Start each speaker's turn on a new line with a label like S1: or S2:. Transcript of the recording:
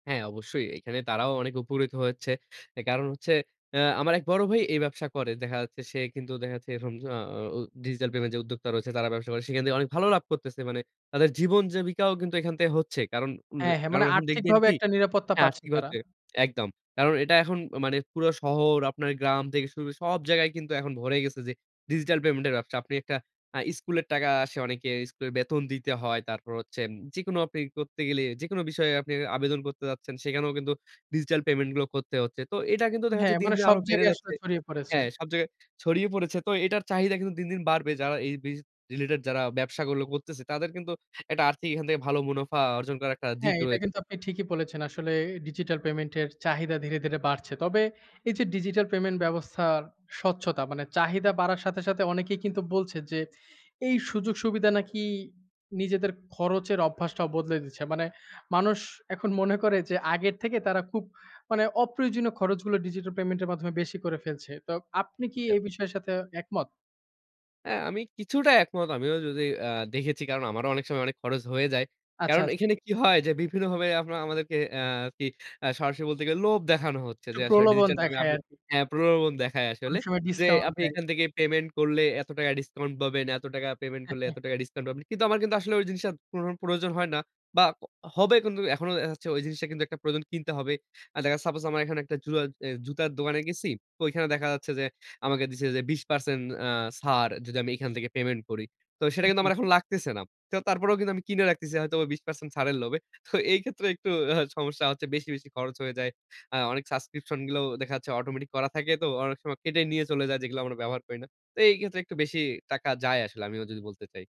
S1: হ্যাঁ, অবশ্যই। এইখানে তারাও অনেক উপকৃত হয়েছে এ কারণ হচ্ছে অ্যা আমার এক বড় ভাই এই ব্যবসা করে। দেখা যাচ্ছে সে কিন্তু দেখা যাচ্ছে এরকম আ আ ও ডিজিটাল পেমেন্ট যে উদ্যোক্তা রয়েছে, তারা ব্যবসা করে। সেখান থেকে অনেক ভালো লাভ করতেছে মানে তাদের জীবন জীবিকাও কিন্তু এখান থেকে হচ্ছে। কারণ উম
S2: হ্যাঁ, হ্যাঁ।
S1: কারণ
S2: মানে
S1: এখন দেখবেন
S2: আর্থিকভাবে
S1: কী?
S2: একটা নিরাপত্তা
S1: হ্যাঁ,
S2: পাচ্ছে
S1: আর্থিক ওয়ে
S2: তারা।
S1: তে একদম। কারণ এটা এখন মানে পুরো শহর, আপনার গ্রাম থেকে শুরু সব জায়গায় কিন্তু এখন ভরে গেছে যে ডিজিটাল পেমেন্টের ব্যবসা। আপনি একটা আ স্কুলের টাকা আসে অনেকের, স্কুলের বেতন দিতে হয়, তারপর হচ্ছে যেকোনো আপনি ই করতে গেলেই, যেকোনো বিষয়ে আপনি আবেদন করতে যাচ্ছেন, সেখানেও কিন্তু ডিজিটাল পেমেন্টগুলো করতে হচ্ছে। তো এটা কিন্তু
S2: উম
S1: দেখা
S2: হ্যাঁ,
S1: যাচ্ছে দিন,
S2: মানে
S1: দিন
S2: সব
S1: আরো বেড়ে
S2: জায়গায় আসলে
S1: যাচ্ছে।
S2: ছড়িয়ে পড়েছে।
S1: হ্যাঁ, সব জায়গায় ছড়িয়ে পড়েছে। তো এটার চাহিদা কিন্তু দিন, দিন বাড়বে। যারা এই বিজ রিলেটেড যারা ব্যবসাগুলো করতেছে, তাদের কিন্তু একটা আর্থিক এখান থেকে ভালো মুনাফা অর্জন করার একটা দিক
S2: হ্যাঁ, এটা কিন্তু
S1: রয়েছে।
S2: আপনি ঠিকই বলেছেন। আসলে ডিজিটাল পেমেন্ট এর চাহিদা ধীরে, ধীরে বাড়ছে। তবে এই যে ডিজিটাল পেমেন্ট ব্যবস্থার স্বচ্ছতা মানে চাহিদা বাড়ার সাথে, সাথে অনেকেই কিন্তু বলছে যে এই সুযোগ-সুবিধা নাকি নিজেদের খরচের অভ্যাসটাও বদলে দিচ্ছে। মানে মানুষ এখন মনে করে যে আগের থেকে তারা খুব মানে অপ্রয়োজনীয় খরচগুলো ডিজিটাল পেমেন্টের মাধ্যমে বেশি করে ফেলছে। তো আপনি কি
S1: জি।
S2: এই বিষয়ের সাথে একমত?
S1: অ্যা আমি কিছুটা একমত। আমিও যদি অ্যা দেখেছি কারণ আমারও অনেক সময় অনেক খরচ হয়ে যায়।
S2: আচ্ছা,
S1: কারণ
S2: আচ্ছা।
S1: এখানে কী হয়? যে বিভিন্নভাবে আমরা আমাদেরকে অ্যা আরকি অ্যা সরাসরি বলতে গেলে লোভ দেখানো হচ্ছে যে
S2: একটু
S1: আসলে
S2: প্রলোভন
S1: ডিজিটাল [unintelligible]
S2: দেখায়
S1: আপনি,
S2: আরকি।
S1: হ্যাঁ, প্রলোভন দেখায় আসলে।
S2: অনেক সময়
S1: যে
S2: ডিসকাউন্ট
S1: আপনি
S2: দেয়।
S1: এখান থেকে পেমেন্ট করলে, এত টাকা ডিসকাউন্ট পাবেন। এত টাকা পেমেন্ট করলে, এত টাকা ডিসকাউন্ট পাবেন। কিন্তু আমার কিন্তু আসলে ওই জিনিসটা কোনো রকম প্রয়োজন হয় না বা অ হবে কিন্তু এখনো দেখা যাচ্ছে ওই জিনিসটা কিন্তু একটা প্রয়োজনে কিনতে হবে। অ্যা দেখা যায় সাপোজ আমার এখানে একটা জুরা অ জুতার দোকানে গেছি, তো ওইখানে দেখা যাচ্ছে যে আমাকে দিছে যে ২০% অ্যা ছাড় যদি আমি এইখান থেকে পেমেন্ট করি। তো সেটা কিন্তু
S2: জি,
S1: আমার
S2: জি।
S1: এখন লাগতেছে না। তো তারপরেও কিন্তু আমি কিনে রাখতেছি হয়তোবা ২০% ছাড়ের লোভে। তো এই ক্ষেত্রে একটু সমস্যা হচ্ছে বেশি, বেশি খরচ হয়ে যায়। অ্যা অনেক সাবস্ক্রিপশনগুলাও দেখা যাচ্ছে অটোমেটিক করা থাকে তো অনেক সময় কেটে নিয়ে চলে যায় যেগুলো আমরা ব্যবহার করি না। তো এই ক্ষেত্রে একটু বেশি টাকা যায় আসলে আমিও যদি বলতে চাই।